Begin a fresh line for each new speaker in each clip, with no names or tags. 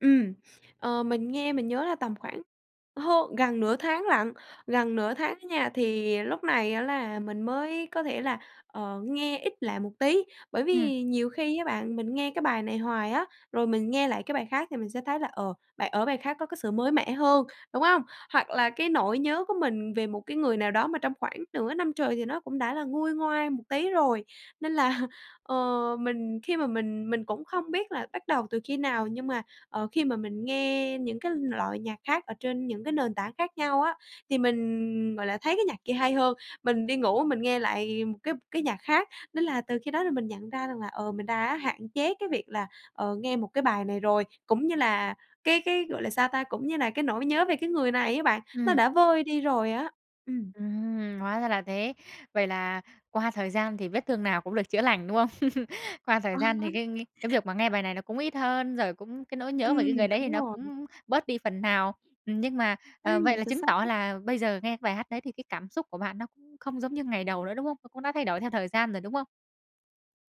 Ừm. Ờ, mình nghe mình nhớ là tầm khoảng hơn gần nửa tháng lận, gần nửa tháng á nha, thì lúc này á là mình mới có thể là, ờ, nghe ít lại một tí. Bởi
Ừm.
vì nhiều khi á bạn, mình nghe cái bài này hoài á, rồi mình nghe lại cái bài khác thì mình sẽ thấy là, ờ, bài ở bài khác có cái sự mới mẻ hơn, đúng hông? Hoặc là cái nỗi nhớ của mình về một cái người nào đó mà trong khoảng nửa năm trời thì nó cũng đã là nguôi ngoai một tí rồi, nên là, ờ, mình khi mà mình mình cũng không biết là bắt đầu từ khi nào nhưng mà, ờ, khi mà mình nghe những cái loại nhạc khác ở trên những cái nền tảng khác nhau á, thì mình, gọi là, thấy cái nhạc kia hay hơn, mình đi ngủ mình nghe lại một cái cái nhạc khác. Nên là từ khi đó thì mình nhận ra rằng là, ờ, mình đã hạn chế cái việc là, ờ, nghe một cái bài này rồi, cũng như là cái cái, gọi là, sao ta? Cũng như là cái nỗi nhớ về cái người này á bạn, nó
Ừm.
đã vơi đi rồi á. Ừm.
Ừm. Hóa ra là thế. Vậy là qua thời gian thì vết thương nào cũng được chữa lành, đúng không? Qua thời gian thì cái cái cái việc mà nghe bài này nó cũng ít hơn, rồi cũng cái nỗi nhớ về
Ừm,
cái người đấy thì
đúng
nó
rồi.
cũng bớt đi phần nào. Ừm, nhưng mà, ờ, vậy
Ừm,
là
chính
chứng tỏ
xác.
là bây giờ nghe cái bài hát đấy thì cái cảm xúc của bạn nó cũng không giống như ngày đầu nữa, đúng không? Nó cũng đã thay đổi theo thời gian rồi, đúng không?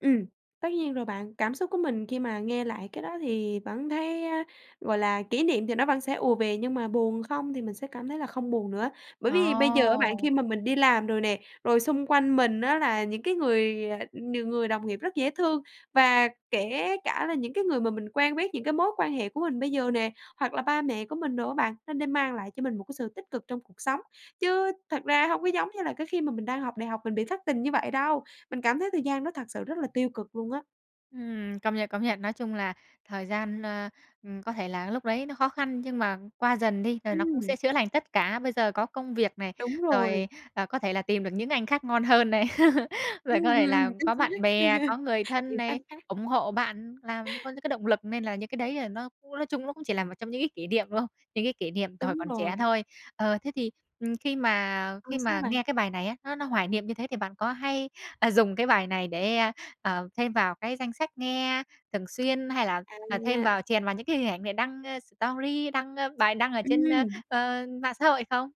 Ừm. Tất nhiên rồi bạn, cảm xúc của mình khi mà nghe lại cái đó thì vẫn thấy, à, gọi là, kỷ niệm thì nó vẫn sẽ ùa về nhưng mà buồn không thì mình sẽ cảm thấy là không buồn nữa. Bởi vì bây giờ á bạn
Ồ.
khi mà mình đi làm rồi nè, rồi xung quanh mình á là những cái người, à, n người đồng nghiệp rất dễ thương và kể cả là những cái người mà mình quen biết, những cái mối quan hệ của mình bây giờ nè, hoặc là ba mẹ của mình đồ á bạn, nó đã mang lại cho mình một cái sự tích cực trong cuộc sống. Chứ thật ra hông có giống như là cái khi mà mình đang học đại học mình bị thất tình như vậy đâu, mình cảm thấy thời gian đó thật sự rất là tiêu cực luôn á.
Ừm, công nhận, công nhận, nói chung là thời gian, ờ ừm, có thể là lúc đấy nó khó khăn nhưng mà qua dần đi rồi nó cũng
Ừm.
sẽ chữa lành tất cả. Bây giờ có công việc này,
Đúng rồi.
rồi, ờ, có thể là tìm được những anh khác ngon hơn này.
Ừm,
Rồi có
ừm,
thể
ừm,
là
chính
có
xác.
bạn bè, có người thân
Những anh
này,
khác.
ủng hộ bạn làm có những cái động lực nên là những cái đấy, à, nó cũng nói chung nó cũng chỉ là một trong những cái kỹ niệm, đúng không? Những cái kỉ niệm từ hồi
Đúng
còn
rồi.
trẻ thôi. Ờ, thế thì, khi mà
Ờ,
khi
sao
mà
bạn?
nghe cái bài này á, nó nó hoài niệm như thế thì bạn có hay, à, dùng cái bài này để, ờ, ờ, thêm vào cái danh sách nghe thường xuyên hay là, ờ, thêm
À.
vào chèn vào những cái hình ảnh này đăng story đăng, ơ, bài đăng ở trên, ơ,
Ừm.
ờ, mạng xã hội không?